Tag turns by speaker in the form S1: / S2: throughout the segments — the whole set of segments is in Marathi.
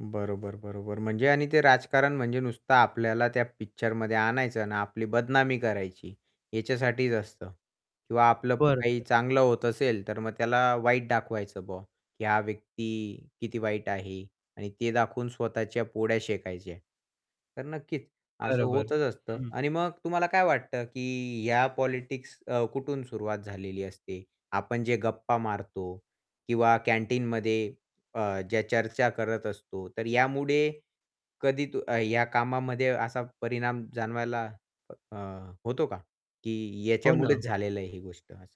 S1: बरोबर, बरोबर. म्हणजे आणि ते राजकारण म्हणजे नुसतं आपल्याला त्या पिक्चरमध्ये आणायचं ना, आपली बदनामी करायची, ह्याच्यासाठीच असतं. किंवा आपलं काही
S2: बरोबर.
S1: चांगलं होत असेल, तर मग त्याला वाईट दाखवायचं बॉ, की हा व्यक्ती किती वाईट आहे आणि ते दाखवून स्वतःच्या पोळ्या शेकायच्या. तर नक्कीच, असं
S2: बरोबर.
S1: होतच असतं
S2: हं, हं.
S1: आणि मग तुम्हाला काय वाटतं की, ह्या पॉलिटिक्स अ, कुठून सुरुवात झालेली असते? आपण जे गप्पा मारतो किंवा कॅन्टीनमध्ये अ, ज्या चर्चा करत असतो, तर यामुळे कधी तो अ, या कामामध्ये असा परिणाम जाणवायला अ, अ, होतो का? की
S2: हो, ना.
S1: याच्यामुळेच झालेलं आहे, ही गोष्ट असं.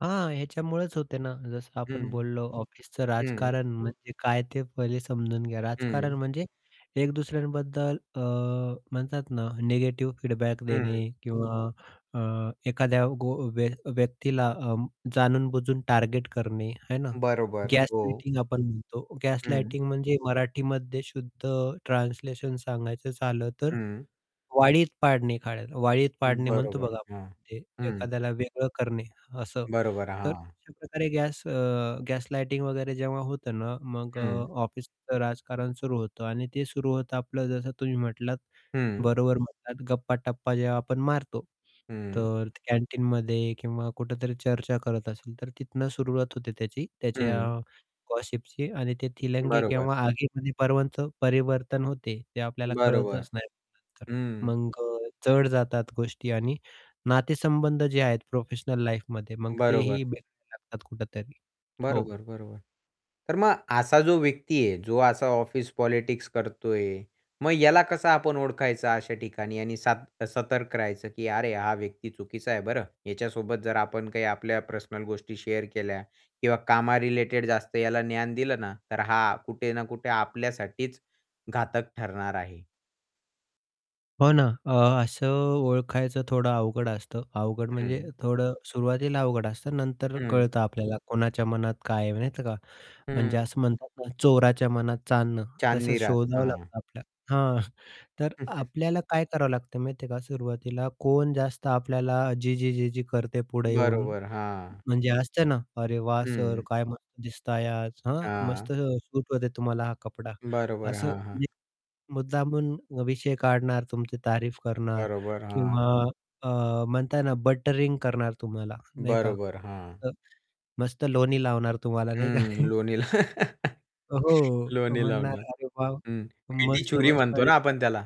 S2: हां. ह्याच्यामुळेच होते ना, जसं आपण
S1: हं.
S2: बोललो ऑफिसचं
S1: हं.
S2: राजकारण म्हणजे काय? ते पहिले समजून घ्या. राजकारण
S1: हं.
S2: म्हणजे एक दुसऱ्यांबद्दल अ, म्हणतात ना, निगेटिव्ह फीडबॅक
S1: हं.
S2: देणे किंवा अ, एखाद्या गो व्य व्यक्तीला अं, जाणून-बुजून टार्गेट करणे, है ना.
S1: बरोबर, हो.
S2: गॅस-लाइटिंग आपण म्हणतो,
S1: हं.
S2: गॅस-लाइटिंग म्हणजे मराठीमध्ये शुद्ध ट्रान्सलेशन सांगायचं झालं, तर
S1: हं.
S2: वाळीत पाडणे एखाद्याला. वाळीत पाडणे म्हणतो
S1: बरोबर,
S2: बघा
S1: हां.
S2: आपण,
S1: हं.
S2: एखाद्याला वेगळं करणे, असं.
S1: बरोबर,
S2: तर
S1: हां.
S2: अशा प्रकारे गॅस अ, गॅस-लाइटिंग वगैरे, जेव्हा होतं ना, मग अ,
S1: हं.
S2: ऑफिसचं राजकारण सुरू होतं आणि ते सुरू होतं आपलं, जसं तुम्ही म्हटलात,
S1: हं.
S2: बरोबर म्हणतात. गप्पा-टप्पा जेव्हा आपण मारतो,
S1: हं.
S2: तर कॅन्टीनमध्ये किंवा कुठेतरी चर्चा करत असेल, तर तिथून सुरुवात होते त्याची. त्याच्या
S1: हं.
S2: गॉसिपची आणि ते थीलंगी
S1: बरोबर.
S2: केंव्हा आगीमध्ये पर्वांच परिवर्तन होते, ते आपल्याला
S1: बरोबर,
S2: कळतच नाही नंतर.
S1: हं.
S2: मग अ, जड जातात गोष्टी आणि नातेसंबंध जे आहेत, प्रोफेशनल लाईफमध्ये मग
S1: बरोबर.
S2: तेही बिघडू लागतात कुठेतरी. हो.
S1: बरोबर, बरोबर. तर मग असा जो व्यक्ती आहे, जो असा ऑफिस पॉलिटिक्स करतोय. मग ह्याला कसं आपण ओळखायचं, अशा ठिकाणी? आणि सात सतर्क राहायचं की अरे, हा व्यक्ती चुकीचा आहे बरं. ह्याच्यासोबत जर आपण काही आपल्या पर्सनल गोष्टी शेअर केल्या किंवा कामा रिलेटेड जास्त याला ज्ञान दिलं ना, तर हा, कुठे ना कुठे आपल्यासाठीच घातक ठरणार आहे.
S2: हो ना. अ, असं ओळखायचं थोडं अवघड असतं. अवघड म्हणजे
S1: हं.
S2: थोडं सुरुवातीला अवघड असतं. नंतर अ,
S1: हं.
S2: कळतं आपल्याला, कोणाच्या मनात काय आहे, माहीत आहे का?
S1: हं.
S2: म्हणजे असं म्हणतात ना, चोराच्या मनात चांदणं. तसंच
S1: चांदनी रात,
S2: शोधावं
S1: हां.
S2: लागतं आपल्याला. हां, तर आपल्याला काय करावं लागतं, माहिती आहे का? सुरवातीला कोण जास्त आपल्याला जी-जी, जी-जी करते पुढे येऊन,
S1: बरोबर, हां.
S2: म्हणजे असते ना, अरे वाह! सर
S1: हं.
S2: काय मस्त दिसताय आज, हां, मस्त
S1: हां.
S2: सूट होते तुम्हाला हा कपडा.
S1: बरोबर,
S2: असं,
S1: हां, हां.
S2: म्हणजे मुद्दामून विषय काढणार, तुमची तारीफ करणार
S1: बरोबर, हां.
S2: किंवा अ, म्हणता ना, बटरिंग करणार. तुम्हाला नाही का.
S1: बरोबर, हां.
S2: अ, मस्त लोणी लावणार तुम्हाला, नाही का.
S1: हं, लोणी ला
S2: अ, हो, तो
S1: लोणी
S2: म्हणणार,
S1: लावणार.
S2: "अरे" "वाह!
S1: हं, मीठी
S2: मस्त,
S1: छूरी
S2: मस्त!
S1: म्हणतो ना,
S2: दिसताय."
S1: आपण त्याला.